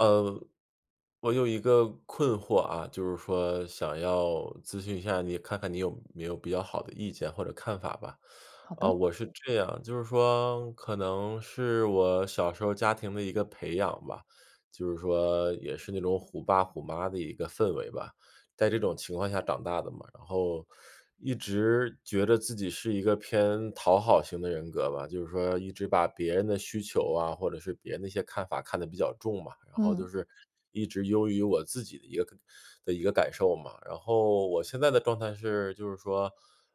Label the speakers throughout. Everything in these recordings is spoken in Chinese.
Speaker 1: 呃，我有一个困惑啊，就是说想要咨询一下你看看你有没有比较好的意见或者看法吧。
Speaker 2: 好
Speaker 1: 啊，
Speaker 2: 的。
Speaker 1: 我是这样就是说可能是我小时候家庭的一个培养吧，就是说也是那种虎爸虎妈的一个氛围吧，在这种情况下长大的嘛。然后，一直觉着自己是一个偏讨好型的人格吧。就是说一直把别人的需求啊，或者是别人的一些看法看得比较重嘛。然后就
Speaker 2: 嗯。
Speaker 1: 是一直优于我自己的一个感的一个感受嘛。然后我现在的状态是就是说，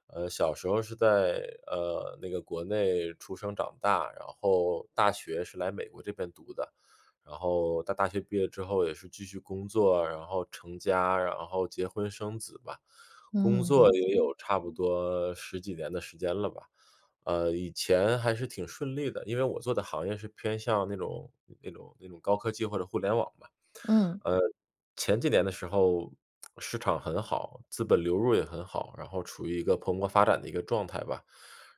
Speaker 1: 呃，小时候是在，呃，那个国内出生长大，然后大学是来美国这边读的。然后到大学毕业之后也是继续工作，然后成家，然后结婚生子吧。工
Speaker 2: 嗯，
Speaker 1: 作
Speaker 2: 理
Speaker 1: 也
Speaker 2: 解。
Speaker 1: 有差不多10几年的时间了吧。呃，以前还是挺顺利的，因为我做的行业是偏向那种那种那种高科技或者互联网嘛。呃，
Speaker 2: 嗯。
Speaker 1: 前几年的时候市场很好，资本流入也很好，然后处于一个蓬勃发展的一个状态吧。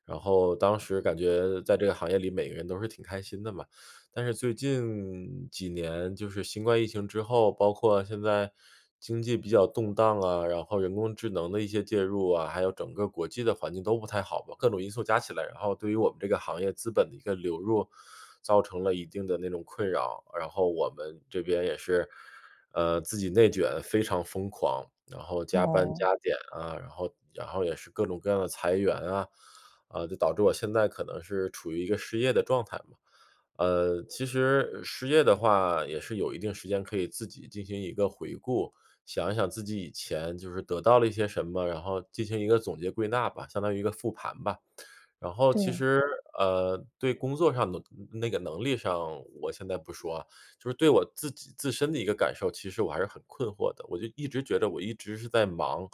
Speaker 1: 然后当时感觉在这个行业里，每个人都是挺开心的嘛。但是最近几年，就是新冠疫情之后，包括现在经济比较动荡啊，然后人工智能的一些介入啊，还有整个国际的环境都不太好吧。各种因素加起来，然后对于我们这个行业资本的一个流入造成了一定的那种困扰。然后我们这边也是，呃，自己内卷非常疯狂，然后加班
Speaker 2: 哦。
Speaker 1: 加点啊，然后然后也是各种各样地裁员啊，呃，就导致我现在可能是处于一个失业的状态嘛。呃，其实失业的话也是有一定时间可以自己进行一个回顾，想一想自己以前就是得到了一些什么，然后进行一个总结归纳吧，相当于一个复盘吧。然后其
Speaker 2: 对。
Speaker 1: 实，呃，对工作上的那个能力上，我现在不说啊。就是对我自己自身的一个感受，其实我还是很困惑的，我就一直觉得我一直是在忙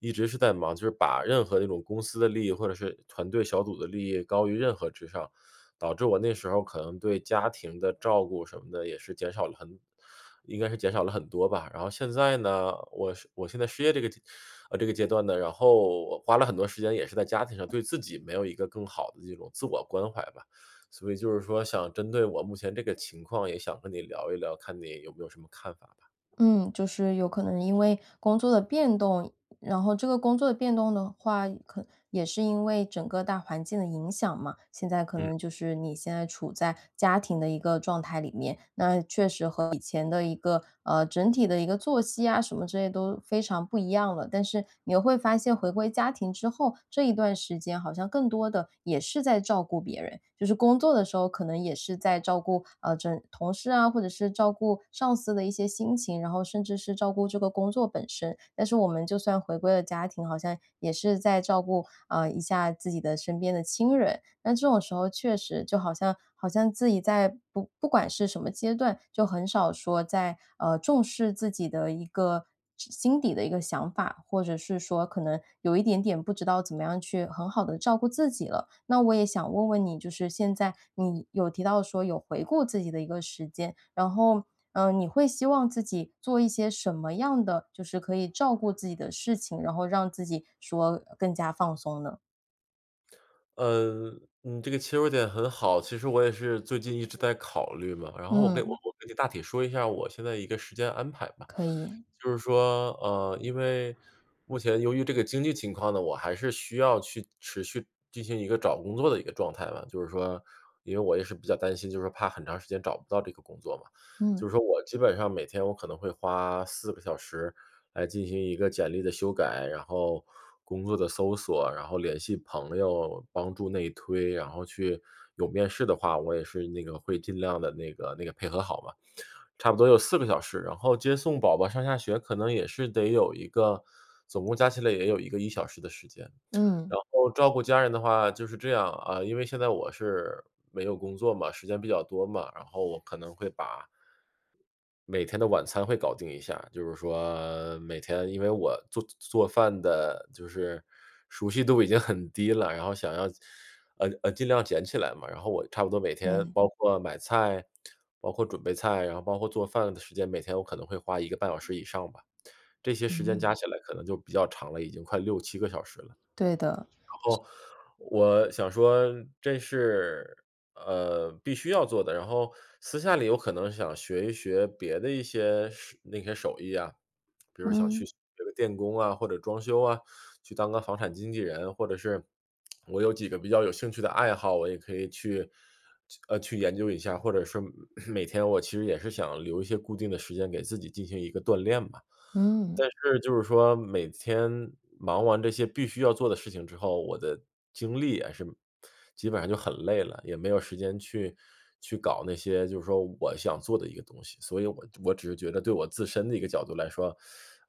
Speaker 1: 一直是在忙，就是把任何一种公司的利益或者是团队小组的利益高于任何之上。导致我那时候可能对家庭的照顾什么的也是减少了很应该是减少了很多吧。然后现在呢，我失我现在失业这个这个阶段呢然后我花了很多时间也是在家庭上，对自己没有一个更好地这种自我关怀吧。所以就是说想针对我目前这个情况，也想跟你聊一聊，看你有没有什么看法吧。
Speaker 2: 嗯，就是有可能是因为工作的变动然后这个工作的变动的话，可也是因为整个大环境的影响嘛。现在可
Speaker 1: 嗯。
Speaker 2: 能就是你现在处在家庭的一个状态里面，那确实和以前的一个，呃，整体的一个作息啊，什么之类都非常不一样了。但是你会发现回归家庭之后，这一段时间好像更多地也是在照顾别人，就是工作的时候，可能也是在照顾，呃，这同事啊，或者是照顾上司的一些心情，然后甚至是照顾这个工作本身。但是我们就算回归了家庭，好像也是在照顾，呃，一下自己的身边的亲人，但这种时候确实就好像好像自己在不不管是什么阶段，就很少说在，呃，重视自己的一个之心底的一个想法，或者是说可能有一点点不知道怎么样去很好地照顾自己了。那我也想问问你就是现在你有提到说有回顾自己的一个时间，然后，呃，你会希望自己做一些什么样的就是可以照顾自己的事情，然后让自己说更加放松呢？
Speaker 1: 呃，你这个切入点很好，其实我也是最近一直在考虑嘛，然后我跟我
Speaker 2: 嗯。
Speaker 1: 我跟你大体说一下我现在一个时间安排吧。
Speaker 2: 可以。
Speaker 1: 就是说，呃，因为，目前由于这个经济情况呢，我还是需要去持续进行一个找工作的一个状态嘛，就是说，因为我也是比较担心，就是怕很长时间找不到这个工作嘛。
Speaker 2: 嗯。
Speaker 1: 就是说我基本上每天我可能会花4个小时来进行一个简历的修改，然后，工作的搜索，然后联系朋友帮助内推然后去有面试的话，我也是那个会尽量地那个那个配合好吧，差不多有4个小时。然后接送宝宝上下学可能也是得有一个，总共加起来也有一个1小时的时间，
Speaker 2: 嗯。
Speaker 1: 然后照顾家人的话就是这样，啊，因为现在我是，没有工作嘛，时间比较多嘛，然后我可能会把每天的晚餐会搞定一下，就是说，每天因为我做做做饭的就是熟悉度已经很低了，然后想要，呃呃，尽量捡起来嘛。然后我差不多每天，
Speaker 2: 对。
Speaker 1: 包括买菜，包括准备菜，然后包括做饭的时间，每天我可能会花1个半小时以上吧，这些时间
Speaker 2: 嗯。
Speaker 1: 加起来可能就比较长了，已经快6-7个小时了。
Speaker 2: 对的。
Speaker 1: 然后，我，想说这是，呃，必须要做的，然后私下里有可能想学一学别的一些手那些手艺啊，比如想去
Speaker 2: 嗯。
Speaker 1: 学个电工啊，或者装修啊、去当个房产经纪人。或者是，我有几个比较有兴趣的爱好，我也可以去去呃，去研究一下，或者说 每天我其实也是想留一些固定的时间给自己进行一个锻炼吧。
Speaker 2: 嗯。
Speaker 1: 但是就是说，每天忙完这些必须要做的事情之后，我的精力也是，基本上就很累了，也没有时间去，去搞那些就事说我想做的一个东西，所以我我只是觉得对我自身的一个角度来说，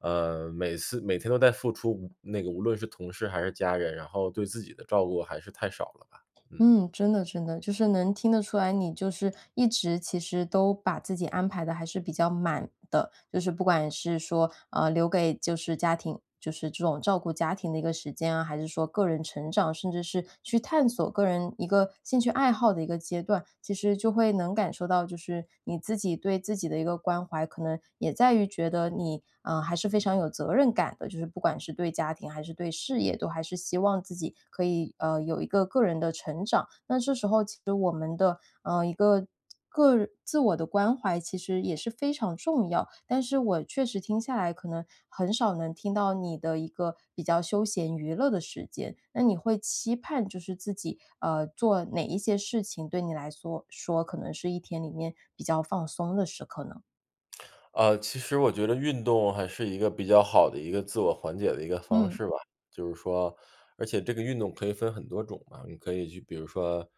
Speaker 1: 呃，每次每天都在付出，那个无论是同事还是家人，然后对自己的照顾还是太少了吧，嗯。
Speaker 2: 嗯，真的真的，就是能听得出来，你就是一直其实都把自己安排得还是比较满的，就是不管是说，呃，留给就是家庭就是这种照顾家庭的一个时间啊，还是说个人成长，甚至是，去探索个人一个兴趣爱好的一个阶段。其实就会能感受到，就是你自己对自己的一个关怀可能也在于觉得你，啊，还是非常有责任感的，就是不管是是对家庭还是对事业都还是希望自己可以，呃，有一个个人的成长。那这时候其实我们的，呃，一个个人自我的关怀其实也是非常重要。但是我确实听下来可能，很少能听到你的一个比较休闲娱乐的时间，那你会期盼就是自己，呃，做哪一些事情对你来缩说可能是一天里面，比较放松的时刻呢？
Speaker 1: 呃，其实我觉得运动还是一个比较好的一个自我缓解的一个方
Speaker 2: 嗯。
Speaker 1: 式吧。就是说而且这个运动可以分很多种嘛。你可以去，比如说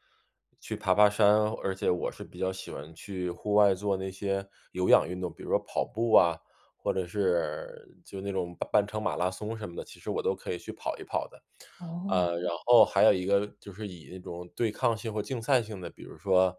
Speaker 1: 去爬爬山，而且我是比较喜欢去户外做那些有氧运动，比如说跑步啊，或者是，就那种半程马拉松什么的，其实我都可以去跑一跑的。
Speaker 2: 哦。
Speaker 1: 呃，然后还有一个就是以一种对抗性和竞赛性的，比如说，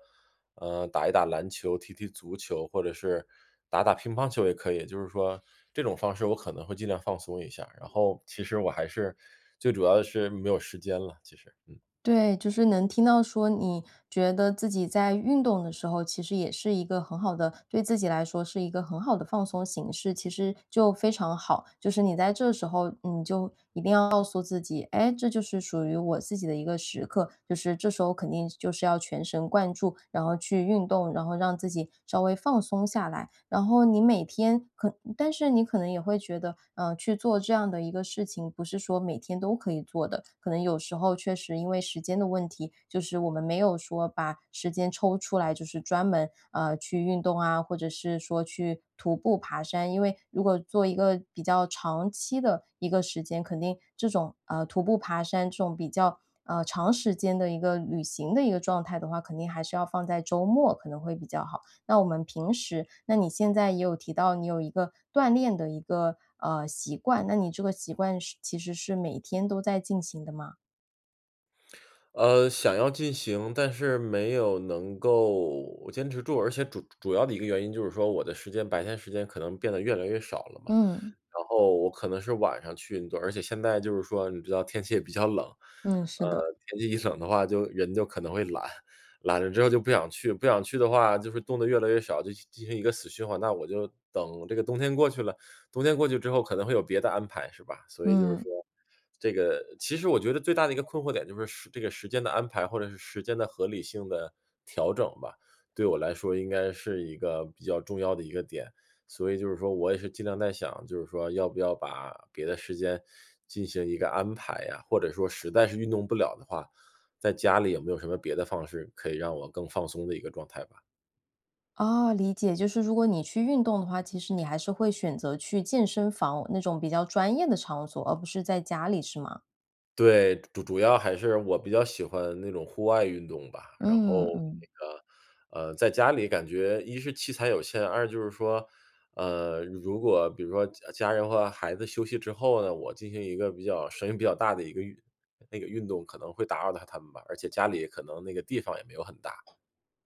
Speaker 1: 呃，打一打篮球，踢踢足球，或者是打打乒乓球也可以，就是说这种方式我可能会尽量放松一下，然后，其实我还是最主要的是没有时间了，其实，嗯。
Speaker 2: 对，就是能听到说你觉得自己在运动的时候，其实也是一个很好的对自己来说是一个很好的放松形式，其实就非常好。就是你在这时候你就一定要告诉自己，哎，这就是属于我自己的一个时刻，就是这时候肯定就是要全神贯注，然后去运动，然后让自己稍微放松下来。然后你每天可但是你可能也会觉得，呃，去做这样的一个事情，不是说每天都可以做的，可能有时候确实因为时间的问题，就是我们没有说把时间抽出来，就是专门，呃，去运动啊，或者是说去徒步爬山。因为如果做一个比较长期的一个时间，肯定这种，啊，徒步爬山这种，比较，呃，长时间的一个旅行的一个状态的话，肯定还是要放在周末可能会比较好。那我们平时那你现在也有提到你有一个锻炼的一个，呃，习惯，那你这个习惯是其实是每天都在进行的吗？
Speaker 1: 呃，想要进行，但是没有能够坚持住，而且主主要的一个原因就是说我的时间，白天时间可能变得越来越少了嘛。
Speaker 2: 嗯。
Speaker 1: 然后我可能是晚上去运动，而且现在就是说你知道天气也比较冷，
Speaker 2: 嗯，是的。
Speaker 1: 呃，天气一冷的话就人就可能会懒。懒了之后就不想去，不想去的话就是动得越来越少，就进进行一个死循环。那我就等这个冬天过去了，冬天过去之后可能会有别的安排，是吧？所以就是说，
Speaker 2: 嗯。
Speaker 1: 这个其实我觉得最大的一个困惑点就是时这个时间的安排或者是时间的合理性的调整吧。对我来说应该是一个比较重要的一个点。所以就是说我也是尽量在想，就是说要不要把别的时间进行一个安排啊？或者说实在是运动不了的话，在家里有没有什么别的方式可以让我更放松的一个状态吧。
Speaker 2: 哦，理解，就是如果你去运动的话，其实你还是会选择去健身房那种比较专业的场所，而不是在家里是吗？
Speaker 1: 对，主主要还是我比较喜欢那种户外运动吧。然后
Speaker 2: 嗯，嗯。
Speaker 1: 那个，呃，在家里感觉一是器材有限，二就是说，呃，如果比如说家家人和孩子休息之后呢，我进行一个比较声音比较大的一个运那个运动可能会打扰到他们吧，而且家里可能那个地方也没有很大。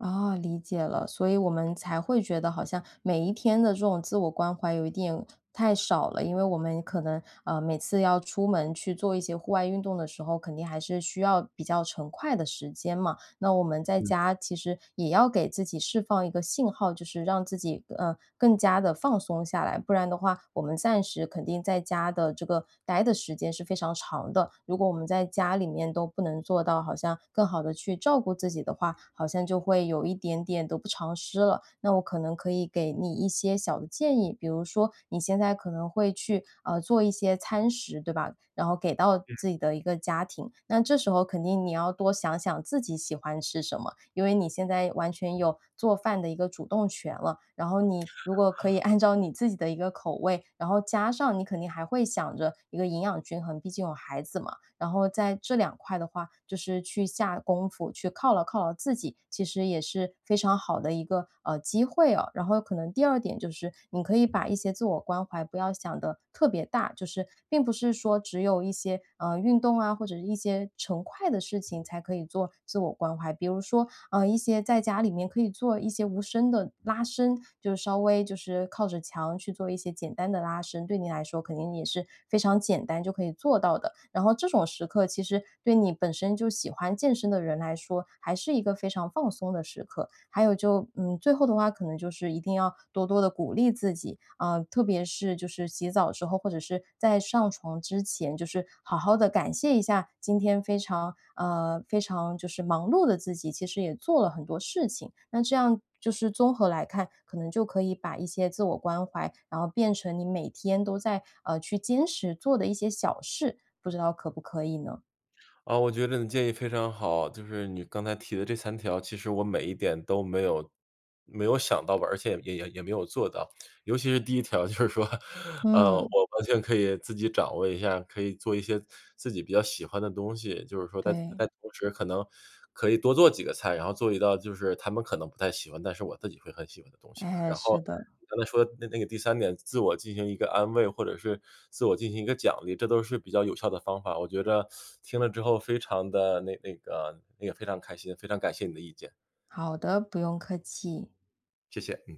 Speaker 2: 哦，理解了，所以我们才会觉得好像每一天的这种自我关怀有一点太少了。因为我们可能，呃，每次要出门去做一些户外运动的时候，肯定还是需要比较成块的时间嘛，那我们在
Speaker 1: 嗯。
Speaker 2: 家其实也要给自己释放一个信号，就是让自己，呃，更加地放松下来。不然的话，我们暂时肯定在家的这个呆的时间是非常长的，如果我们在家里面都不能做到好像更好地去照顾自己的话，好像就会有一点点得不偿失了。那我可能可以给你一些小的建议，比如说你现在可能会去，呃，做一些餐食，对吧？然后给到
Speaker 1: 嗯。
Speaker 2: 自己的一个家庭，那这时候肯定你要多想想自己喜欢吃什么，因为你现在完全有做饭的一个主动权了，然后你如果可以按照你自己的一个口味，然后加上你肯定还会想着一个营养均衡，毕竟有孩子嘛，然后在这两块的话就是去下功夫，去犒劳犒劳自己，其实也是非常好的一个，呃，机会啊。然后可能第二点就是你可以把一些自我关怀不要想得特别大，就是并不是说只有一些，啊，运动啊，或者是一些成块的事情才可以做自我关怀。比如说，啊，一些在家里面可以做一些无声的拉伸，就稍微就是靠着墙去做一些简单的拉伸，对你来说肯定也是非常简单就可以做到的。然后这种时刻其实对你本身就喜欢健身的人来说，还是一个非常放松的时刻。还有就，嗯，最后的话可能就是一定要多多地鼓励自己。啊，特别是就是洗澡的时候，或者是在上床之前，就是好好地感谢一下，今天非常，呃，非常，就是忙碌的自己。其实也做了很多事情。那这样就是综合来看，可能就可以把一些自我关怀，然后变成你每天都在，呃，去坚持做的一些小事，不知道可不可以呢？
Speaker 1: 啊，我觉得你建议非常好，就是你刚才提的这3条，其实我每一点都没有没有想到吧，而且也也也没有做到。尤其是第一条就是说。呃，
Speaker 2: 嗯。
Speaker 1: 我完全可以自己掌握一下，可以做一些自己比较喜欢的东西。就是说在在
Speaker 2: 对。
Speaker 1: 同时可能，可以多做几个菜，然后做一道就是他们可能不太喜欢，但是我自己会很喜欢的东西吧。
Speaker 2: 哎，
Speaker 1: 然后
Speaker 2: 是的。
Speaker 1: 刚才说的那那个第三点，自我进行一个安慰，或者是自我进行一个奖励，这都是比较有效的方法，我觉着听了之后，非常地那那个那个非常开心，非常感谢你的意见。
Speaker 2: 好的，不用客气。
Speaker 1: 谢谢，嗯。